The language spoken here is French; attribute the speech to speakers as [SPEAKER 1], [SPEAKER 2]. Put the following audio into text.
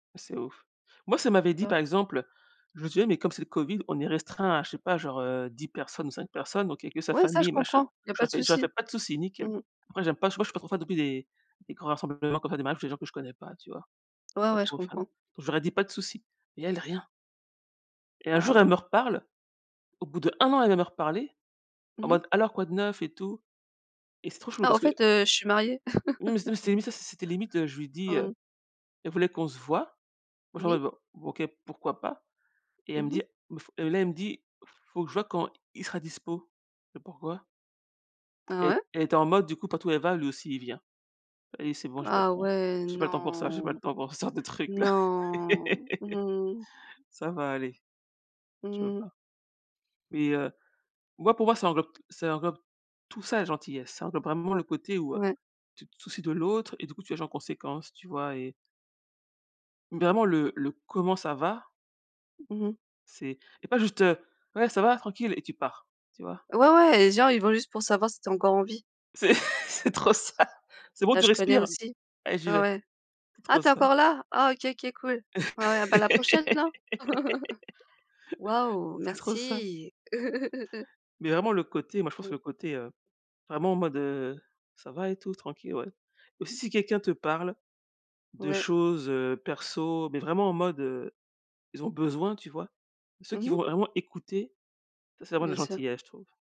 [SPEAKER 1] C'est ouf. Moi, si elle m'avait dit, par
[SPEAKER 2] [unintelligible]
[SPEAKER 1] exemple: «Je sais, mais comme c'est le Covid, on est restreints à, je sais pas, genre, heu, 10 personnes ou 5 personnes, donc il y a que sa
[SPEAKER 2] Ouais, ça je
[SPEAKER 1] famille, machin».
[SPEAKER 2] comprends. Il y a pas
[SPEAKER 1] J'aurais
[SPEAKER 2] de
[SPEAKER 1] fait j'aurais fait:
[SPEAKER 2] souci.
[SPEAKER 1] «Pas de soucis, nickel».
[SPEAKER 2] Mmh mh.
[SPEAKER 1] Après, j'aime pas, je sais pas, je suis pas trop fan non plus des des grands rassemblements qu'on fait, des mariages où c'est des gens que je connais pas, tu vois?
[SPEAKER 2] Ouais,
[SPEAKER 1] Pas
[SPEAKER 2] ouais, je
[SPEAKER 1] trop fan.
[SPEAKER 2] comprends.
[SPEAKER 1] J'aurais dit: «Pas de soucis», mais elle rien. Et un
[SPEAKER 2] Ah
[SPEAKER 1] jour,
[SPEAKER 2] ouais.
[SPEAKER 1] elle me reparle. Au bout d'1 an, elle vient me reparler, en
[SPEAKER 2] Mmh mh.
[SPEAKER 1] mode: «Alors, quoi de neuf, et tout»? Et c'est trop chelou
[SPEAKER 2] «Ah,
[SPEAKER 1] parce
[SPEAKER 2] au
[SPEAKER 1] que
[SPEAKER 2] fait, heu, je suis mariée»!
[SPEAKER 1] oui mais c'était mais ça, c'était limite. Heu, je lui dis,
[SPEAKER 2] Mmh
[SPEAKER 1] heu
[SPEAKER 2] mh.
[SPEAKER 1] elle voulait qu'on se voie. Moi, je lui
[SPEAKER 2] Oui.
[SPEAKER 1] réponds: «OK, pourquoi pas». Et elle me
[SPEAKER 2] Mmh mh.
[SPEAKER 1] dit: «Faut» et là elle me dit: «Faut que je voie quand il sera dispo». Et pourquoi?
[SPEAKER 2] Ah
[SPEAKER 1] E
[SPEAKER 2] ouais?
[SPEAKER 1] elle était en mode, du coup, partout où elle va, lui aussi, il vient. Allez, c'est bon, j'ai pas le
[SPEAKER 2] Ah
[SPEAKER 1] temps
[SPEAKER 2] ouais.
[SPEAKER 1] j'ai pas le temps pour ça, j'ai pas
[SPEAKER 2] Non,
[SPEAKER 1] le temps pour ce sorte de trucs-là.
[SPEAKER 2] Non. Mmh.
[SPEAKER 1] Ça va aller. Je peux
[SPEAKER 2] Mmh mh.
[SPEAKER 1] pas. Et heu, moi, pour moi, ça englobe t ça englobe tout ça, la gentillesse. Ça englobe vraiment le côté où, heu,
[SPEAKER 2] Ouais.
[SPEAKER 1] tu te soucies de l'autre, et du coup, tu agis en conséquence, tu vois? Et vraiment le le: «Comment ça va»?
[SPEAKER 2] Mmh mh.
[SPEAKER 1] C'est et pas juste, heu: «Ouais, ça va, tranquille» et tu pars, tu vois?
[SPEAKER 2] Ouais, ouais, et genre, ils vont juste pour savoir si tu es encore en vie.
[SPEAKER 1] C'est c'est trop ça! C'est bon,
[SPEAKER 2] Là,
[SPEAKER 1] tu
[SPEAKER 2] je connais
[SPEAKER 1] respires?
[SPEAKER 2] aussi.
[SPEAKER 1] Allez, j'y
[SPEAKER 2] Ah
[SPEAKER 1] vais.
[SPEAKER 2] ouais.
[SPEAKER 1] C'est
[SPEAKER 2] «Ah,
[SPEAKER 1] trop
[SPEAKER 2] tu es
[SPEAKER 1] ça.
[SPEAKER 2] encore là? Ah, OK OK, cool. Ouais, ouais, bah, à la prochaine, non»? Waouh,
[SPEAKER 1] C'est trop ça.
[SPEAKER 2] merci!
[SPEAKER 1] Mais vraiment, le côté, moi, je pense que
[SPEAKER 2] Mmh.
[SPEAKER 1] le côté, heu, vraiment en mode, heu: «Ça va et tout, tranquille? Ouais». Et aussi, si quelqu'un te parle de
[SPEAKER 2] Ouais.
[SPEAKER 1] choses, heu, perso, mais vraiment en mode, heu, ils ont besoin, tu vois? Ceux
[SPEAKER 2] Mmh
[SPEAKER 1] qui vont
[SPEAKER 2] mh.
[SPEAKER 1] vraiment écouter, ça c'est vraiment de la
[SPEAKER 2] Bien sûr.
[SPEAKER 1] gentillesse, je trouve.